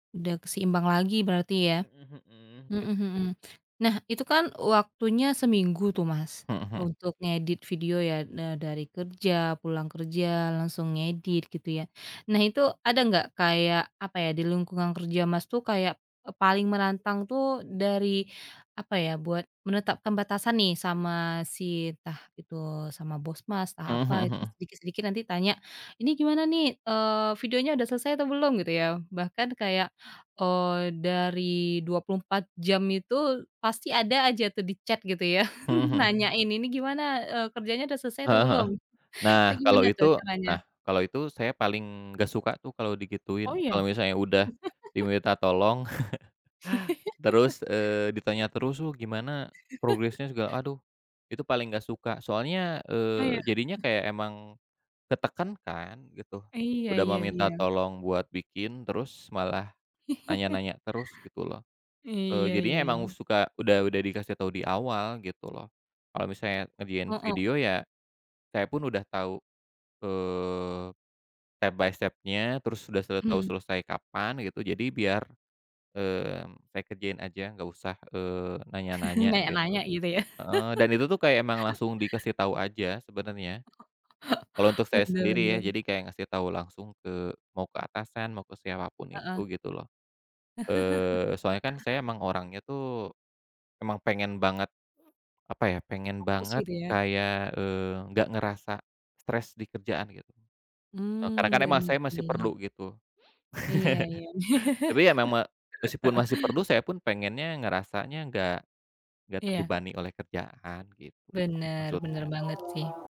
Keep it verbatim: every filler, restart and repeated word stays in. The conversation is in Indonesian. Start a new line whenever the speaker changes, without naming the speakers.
Udah keseimbang lagi berarti ya.
Mhm mhm. Git
Mhm mhm. Nah itu kan waktunya seminggu tuh Mas,
Mhm mhm.
untuk ngedit video ya, ne e dari kerja, pulang kerja langsung ngedit, gitu ya. Nah itu ada enggak kayak, apa ya, di lingkungan kerja Mas tuh kayak, e paling menantang tuh dari, apa ya, buat menetapkan batasan nih sama si entah itu sama bos Mas, entah
Mhm
apa itu
mhm.
sedikit-sedikit nanti tanya, "Ini gimana nih, eee, videonya udah selesai atau belum?" gitu ya. Bahkan kayak, eee, dari dua puluh empat jam itu pasti ada aja tuh di chat gitu ya,
Mmm mhm.
nanyain "Ini gimana, eee, kerjanya udah selesai atau
Heeh heeh.
belum?" atau
Nah kalo
"Gimana tuh
itu nah
caranya?".
kalo itu saya paling nggak suka tuh kalo
Oh
digituin.
iya?
Kalo misalnya udah diminta tolong, terus, eee, ditanya terus tuh "Gimana progresnya?" segala aduh, itu paling nggak suka. Soalnya,
Oh iya?
eee, jadinya
Eh.
kayak emang ketekan kan, gitu.
Iya
Udah mah
iya
minta
iya.
tolong buat bikin, terus malah nanya-nanya terus gitu loh. Eee,
Iya iya
jadinya emang
iya.
suka udah udah dikasih tahu di awal gitu loh. Kalau misalnya ngerjain
Heeh.
video ya, saya pun udah tahu, eee, step by step-nya, terus udah, eee, tahu
Mhm.
selesai kapan gitu jadi biar, eee, saya kerjain aja, nggak usah, eee, nanya-nanya,
Nanya nanya
gitu.
gitu ya?
Heeh. Dan itu tuh kayak emang langsung dikasih tahu aja sebenarnya. Kalau untuk saya
Benar
sendiri ya
benar.
jadi kayak ngasih tahu langsung ke mau ke atasan mau ke siapapun itu
Heeh.
gitu loh. Eee, soalnya kan saya emang orangnya tuh, emang pengen banget, apa ya, pengen
Fokus
banget
gitu ya.
kayak, eee, nggak ngerasa stres di kerjaan gitu. Eee, karena
Mmm,
kan emang
benar
saya masih
sih.
perlu gitu.
Iya iya ya.
Tapi ya memang meskipun masih perlu saya pun pengennya ngerasanya nggak nggak
Iya.
terbebani oleh kerjaan, gitu,
Benar benar
maksudnya.
banget sih.